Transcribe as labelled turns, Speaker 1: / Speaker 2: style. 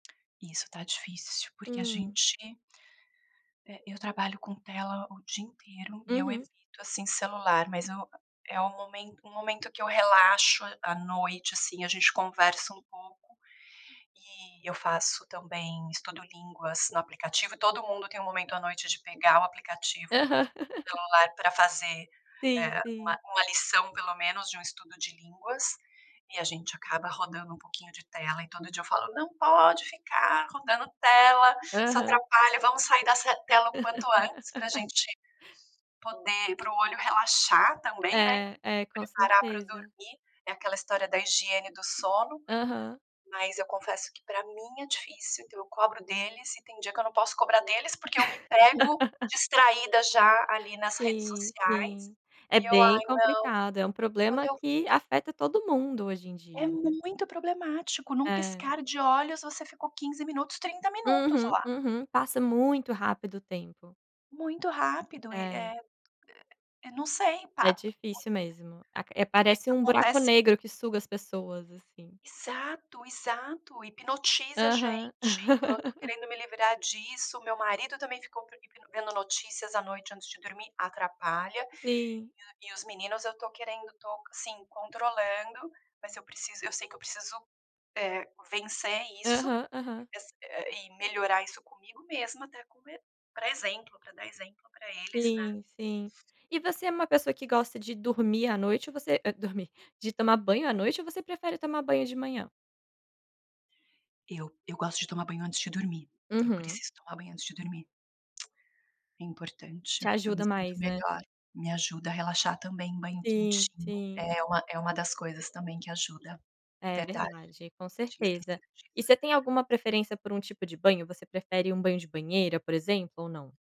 Speaker 1: Isso tá difícil. Porque a
Speaker 2: Hum.
Speaker 1: gente eh, eu trabalho com tela o dia inteiro e eu
Speaker 2: Uhum.
Speaker 1: evito, assim, celular. Mas eu a é um momen um momento que eu relaxo à noite, assim, a gente conversa um pouco e eu faço também estudo línguas no aplicativo e todo mundo tem um momento à noite de pegar o aplicativo no
Speaker 2: Aham.
Speaker 1: celular pra fazer,
Speaker 2: Sim,
Speaker 1: eh,
Speaker 2: sim.
Speaker 1: uma uma lição pelo menos, de um estudo de línguas e a gente acaba rodando um pouquinho de tela, e todo dia eu falo: "Não pode ficar rodando tela, isso
Speaker 2: Aham.
Speaker 1: atrapalha, vamos sair dessa tela o quanto antes pra gente poder para o olho relaxar também né, e
Speaker 2: É.
Speaker 1: pra
Speaker 2: É, com
Speaker 1: preparar pra
Speaker 2: certeza.
Speaker 1: dormir". É aquela história da higiene do sono,
Speaker 2: Aham.
Speaker 1: mas eu confesso que pra mim é difícil, então eu cobro deles e tem dia que eu não posso cobrar deles, porque eu me pego distraída já, ali, nas redes
Speaker 2: Sim,
Speaker 1: sociais,
Speaker 2: sim. É
Speaker 1: e eu:
Speaker 2: bem
Speaker 1: "Ai, não",
Speaker 2: complicado, é um
Speaker 1: quando
Speaker 2: problema
Speaker 1: eu v
Speaker 2: que afeta todo mundo hoje em
Speaker 1: É
Speaker 2: dia, né.
Speaker 1: muito problemático, num
Speaker 2: É.
Speaker 1: piscar de olhos você ficou 15 minutos, 30 minutos
Speaker 2: Uhum,
Speaker 1: lá.
Speaker 2: uhum, passa muito rápido o tempo.
Speaker 1: Muito rápido, e
Speaker 2: É.
Speaker 1: eh, e e eu não sei, pa
Speaker 2: É
Speaker 1: [unintelligible]
Speaker 2: difícil mesmo. Aq
Speaker 1: que que
Speaker 2: parece um buraco
Speaker 1: acontece
Speaker 2: negro que suga as pessoas assim.
Speaker 1: Exato, exato. Hipnotiza a
Speaker 2: Aham.
Speaker 1: gente, então, eu tô querendo me livrar disso, o meu marido também ficou [unintelligible] hipno vendo notícias à noite antes de dormir, atrapalha,
Speaker 2: Sim.
Speaker 1: e o e os meninos eu tô querendo tô, assim, controlando, mas eu preciso eu sei que eu preciso, eh, vencer isso
Speaker 2: Aham, aham.
Speaker 1: e ass eh eh e melhorar isso comigo mesma até come pra exemplo, pra dar exemplo pra eles, né.
Speaker 2: Sim, sim. E você é uma pessoa que gosta de dormir à noite ou você e dormir de tomar banho à noite ou você prefere tomar banho de manhã?
Speaker 1: Eu eu gosto de tomar banho antes de dormir. Eu
Speaker 2: Uhum.
Speaker 1: preciso tomar banho antes de dormir. É
Speaker 2: Te
Speaker 1: importante, eu me
Speaker 2: ajuda
Speaker 1: sinto
Speaker 2: mais, né?
Speaker 1: melhor, me ajuda a relaxar também, banho
Speaker 2: Sim,
Speaker 1: quentinho
Speaker 2: sim.
Speaker 1: é uma é uma das coisas também que ajuda.
Speaker 2: É
Speaker 1: Verdade,
Speaker 2: verdade, com
Speaker 1: tinha
Speaker 2: certeza.
Speaker 1: esquecido
Speaker 2: E
Speaker 1: disso.
Speaker 2: você tem alguma preferência por um tipo de banho? Você prefere um banho de banheira, por exemplo, ou não?